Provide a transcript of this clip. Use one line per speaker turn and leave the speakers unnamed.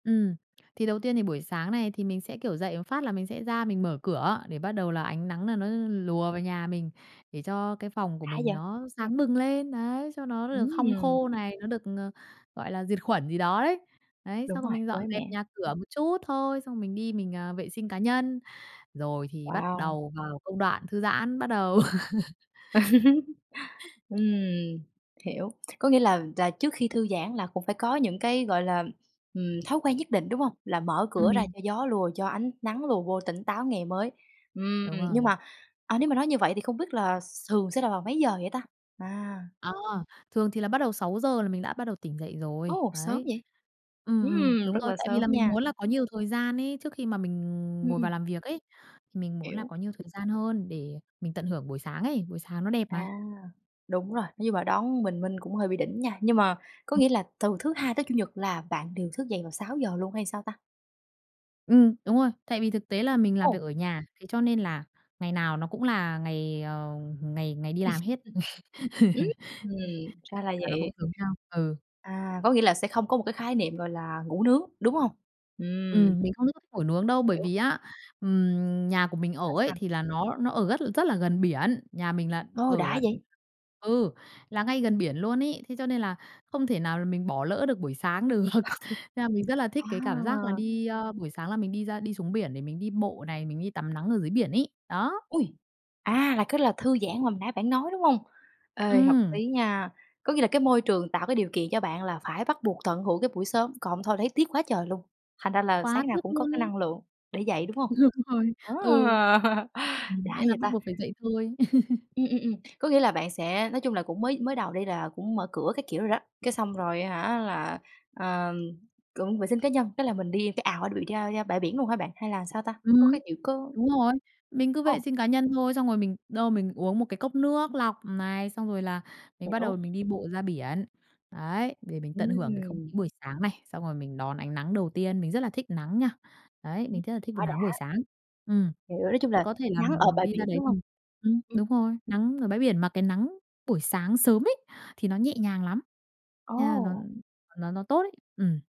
Ừm. Thì đầu tiên thì buổi sáng này thì mình sẽ, kiểu, dậy một phát là mình sẽ ra mình mở cửa để bắt đầu là ánh nắng nà nó lùa vào nhà mình, để cho cái phòng của
Đã
mình
vậy!
nó sáng bừng lên, đấy, cho nó nó được hong
Ừm.
khô này, nó được, ờ, gọi là, diệt khuẩn gì đó đấy. Đấy,
Đúng
xong rồi
rồi,
mình dọn
mới
dẹp
mẻ.
nhà cửa một chút thôi, xong mình đi mình, à, vệ sinh cá nhân, rồi thì bắt
Wow!
đầu vào công đoạn thư giãn, bắt đầu.
Ừm, hiểu, có nghĩa là là trước khi thư giãn là cũng phải có những cái, gọi là, ừm, thói quen nhất định, đúng hông? Là mở cửa ra
Ừm.
cho gió lùa, cho ánh nắng lùa vô tỉnh táo ngày mới. Ừm,
Đúng rồi.
nhưng mà, à, nếu mà nói như vậy thì không biết là thường sẽ là vào mấy giờ vậy ta? À.
Ờ, thường thì là bắt đầu 6:00 là mình đã bắt đầu tỉnh dậy rồi.
Ồ, sớm
Đấy.
vậy?
Ừm, ừm,
Ừm,
đúng
rất
rồi,
là
tại vì
sớm
là mình
nha!
muốn là có nhiều thời gian ấy trước khi mà mình
Ừm,
ngồi
ừm.
vào làm việc ấy, thì mình muốn là
Hiểu.
có nhiều thời gian hơn để mình tận hưởng buổi sáng ấy, buổi sáng nó đẹp
À,
mà.
đúng rồi, nhưng mà đón bình minh cũng hơi bị đỉnh nha, nhưng mà có
Ừm.
nghĩa là từ thứ Hai tới Chủ nhật là bạn đều thức dậy vào 6:00 luôn hay sao ta?
Ừm, đúng rồi. Tại vì thực tế là mình làm việc
Ồ!
ở nhà, thế cho nên là ngày nào nó cũng là ngày, ờ, ngày ngày đi làm hết, nên
Ừm, ra là
ngày nào nó cũng
vậy!
giống nhau, ừ.
À, có nghĩa là sẽ không có một cái khái niệm gọi là ngủ nướng, đúng hông? Ừm.
Ừm, mình không [unintelligible] ngủ nướng đâu, bởi
Hiểu.
vì á, ừm, nhà của mình ở
Sao,
ấy
sao?
thì là nó nó ở rất rất là gần biển. Nhà mình là
Ô,
ở
đã
là
vậy?
ừ, là ngay gần biển luôn ấy, thế cho nên là không thể nào là mình bỏ lỡ được buổi sáng được, nên là mình rất là thích cái cảm giác là
À.
đi, a buổi sáng là mình đi ra đi xuống biển để mình đi bộ này, mình đi tắm nắng ở dưới biển ấy. Đó.
Ôi! À, là cái là thư giãn mà hồi nãy bạn nói, đúng hông? Ê, hợp
Ừm.
lý nha! Có nghĩa là cái môi trường tạo cái điều kiện cho bạn là phải bắt buộc tận hưởng cái buổi sớm, còn hông thôi thấy tiếc quá trời luôn, thành ra là
Quá
sáng nào
tiếc
cũng có
luôn
cái
ấy!
năng lượng để dậy, đúng không?
Đúng rồi, ừ,
À,
ừm
đã
nên là
vậy
bắt
ta!
buộc phải dậy thôi.
Ừm, ừm, ừm, có nghĩa là bạn sẽ nói chung là cũng mới mới đầu đi, là cũng mở cửa các kiểu rồi đó, cái xong rồi á hả, là, ờ, cũng vệ sinh cá nhân, cái là mình đi cái ào đó bị ra ra bãi biển luôn hả bạn, hay là sao ta? Có
Ừm,
cái kiểu có
đúng rồi. Mình cứ vệ
Ồ!
sinh cá nhân thôi, xong rồi mình đâu mình uống một cái cốc nước lọc này, xong rồi là mình bắt đầu
Hiểu.
mình đi bộ ra biển. Đấy, để mình tận hưởng cái không
Ừm.
khí buổi sáng này, xong rồi mình đón ánh nắng đầu tiên, mình rất là thích nắng nha. Đấy, mình rất là thích b
Quá
nắng buổi
đã!
sáng. Ừm.
Hiểu, nói chung là
Có thể là
nắng ở
mình
bãi
đi ra
biển,
đấy
đúng hông?
mình ừm,
Ừm.
đúng rồi, nắng ở bãi biển mà cái nắng buổi sáng sớm ấy thì nó nhẹ nhàng lắm, yeah, nó
Ồ!
nó nó tốt ấy, ừm.